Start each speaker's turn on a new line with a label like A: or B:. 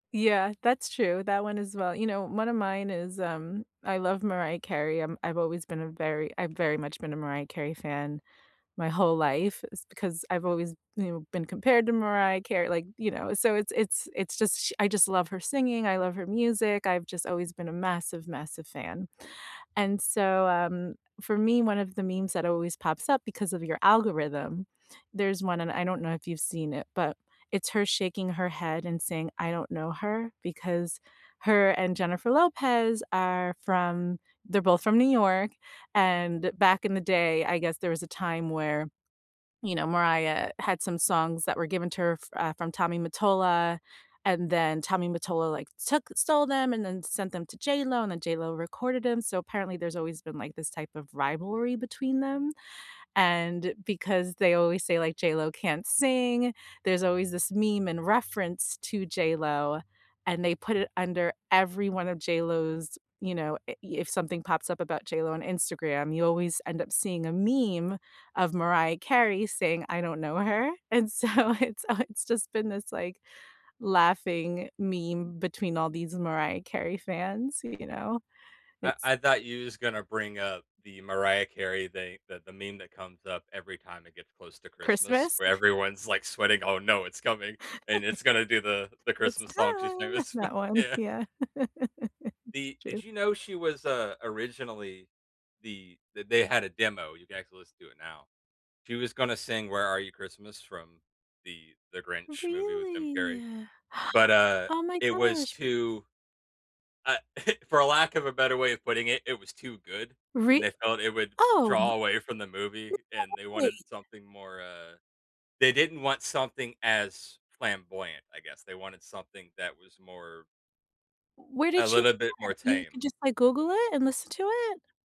A: Yeah, that's true, that one as well. You know, one of mine is, um, I love Mariah Carey. I'm I've always been a very I've very much been a Mariah Carey fan my whole life. It's because I've always, you know, been compared to Mariah Carey, like, you know, so it's it's it's just sh I just love her singing. I love her music. I've just always been a massive, massive fan. And so, um, for me, one of the memes that always pops up because of your algorithm, there's one- and I don't know if you've seen it- but it's her shaking her head and saying, "I don't know her," because her and Jennifer Lopez are from they're both from New York, and back in the day, I guess there was a time where, you know, Mariah had some songs that were given to her, uh, from Tommy Mottola, and then Tommy Mottola, like, took stole them and then sent them to JLo, and then JLo recorded them. So apparently, there's always been, like, this type of rivalry between them, and because they always say, like, "JLo can't sing." There's always this meme and reference to JLo, and they put it under every one of JLo's, you know i if something pops up about JLo on Instagram, you always end up seeing a meme of Mariah Carey saying, "I don't know her." And so it's it's just been this, like, laughing meme between all these Mariah Carey fans, you know.
B: I
A: It's
B: I thought you was gonna bring up the Mariah Carey thing, the the meme that comes up every time it gets close to Christmas
A: Christmas.
B: where everyone's, like, sweating, "Oh, no, it's coming." And it's gonna do the the
A: It's
B: Christmas song she's
A: time.
B: famous
A: That one,
B: Yeah.
A: yeah. It's
B: The did
A: true.
B: you know she was, uh, originally the that they had a demo. You can actually listen to it now. She was gonna sing Where Are You Christmas from The The Grinch movie with Jim
A: Really?
B: Carrey, but, uh,
A: Oh my
B: it was
A: gosh.
B: too uh, for a lack of a better way of putting it, it was too good, and
A: Rea
B: they felt it would
A: Oh m
B: draw
A: There's
B: away from the movie, and they
A: no way!
B: wanted something more, uh they didn't want something as flamboyant, I guess. They wanted something that was more
A: Where
B: a
A: did you
B: little bit
A: hear
B: more
A: it? You can
B: tame.
A: just, like, Google it and listen to it?